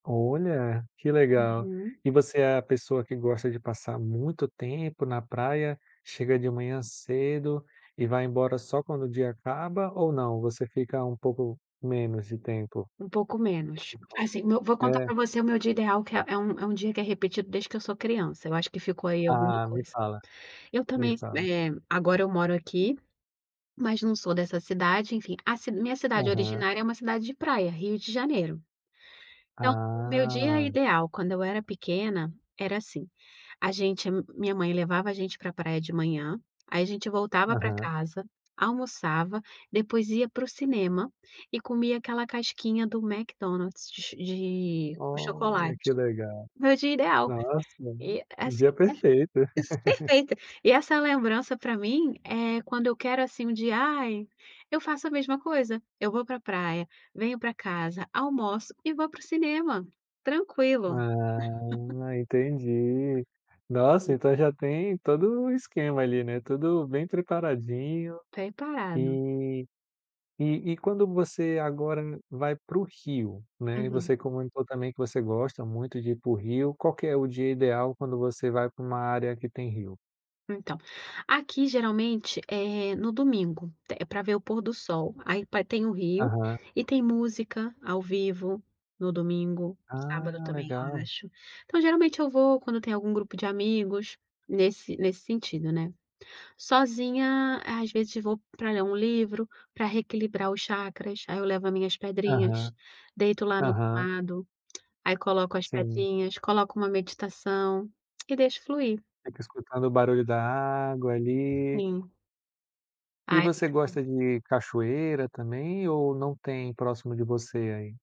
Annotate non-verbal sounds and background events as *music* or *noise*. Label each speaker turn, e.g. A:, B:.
A: Olha, que legal.
B: Uhum.
A: E você é a pessoa que gosta de passar muito tempo na praia, chega de manhã cedo e vai embora só quando o dia acaba? Ou não, você fica um pouco menos de tempo?
B: Um pouco menos.
A: Um pouco
B: Assim, no vou contar pra
A: É.
B: você o meu dia ideal, que é é um é um dia que é repetido desde que eu sou criança, eu acho que ficou aí alguma
A: Ah, me
B: coisa.
A: fala,
B: Eu
A: me
B: também
A: fala.
B: eh, agora eu moro aqui, mas não sou dessa cidade, enfim, a ci minha cidade
A: Aham.
B: originária é uma cidade de praia, Rio de Janeiro. Então, o meu dia
A: Ah.
B: ideal, quando eu era pequena era assim: a gente a minha mãe levava a gente pra praia de manhã, aí a gente voltava pra
A: Aham.
B: casa, almoçava, depois ia para o cinema e comia aquela casquinha do Mcdonald's de ch de o
A: Olha
B: chocolate.
A: que legal.
B: Meu dia ideal.
A: Nossa,
B: E assim,
A: dia
B: é,
A: perfeito.
B: es
A: *laughs*
B: perfeito. E essa lembrança, pra mim, eh, quando eu quero assim um dia, ai eu faço a mesma coisa: eu vou pra praia, venho pra casa, almoço e vou para o cinema, tranquilo. *laughs*
A: Ah, entendi. Nossa então já tem todo o esquema ali, né, tudo bem preparadinho.
B: Preparado.
A: E e e quando você agora vai para o rio, né, e
B: Uhum.
A: você comentou também que você gosta muito de ir para o rio, qual é o dia ideal quando você vai para uma área que tem rio?
B: Então, aqui geralmente é no domingo, é pra ver o pôr do sol, aí pa tem o rio,
A: Aham.
B: e tem música ao vivo no domingo, sábado
A: Ah,
B: também, eu
A: legal.
B: acho. Então geralmente eu vou quando tem algum grupo de amigos, nesse nesse sentido, né. Sozinha, às vezes vou para ler um livro, pra reequilibrar os chacras, aí eu levo as minhas pedrinhas,
A: Aham,
B: deito lá no
A: aham.
B: gramado, aí coloco as
A: Sim.
B: pedrinhas, coloco uma meditação, e deixo fluir.
A: Fica escutando o barulho da água ali.
B: Sim.
A: E
B: Ah, é
A: você
B: muito bom.
A: gosta de cachoeira também? Ou não tem próximo de você aí?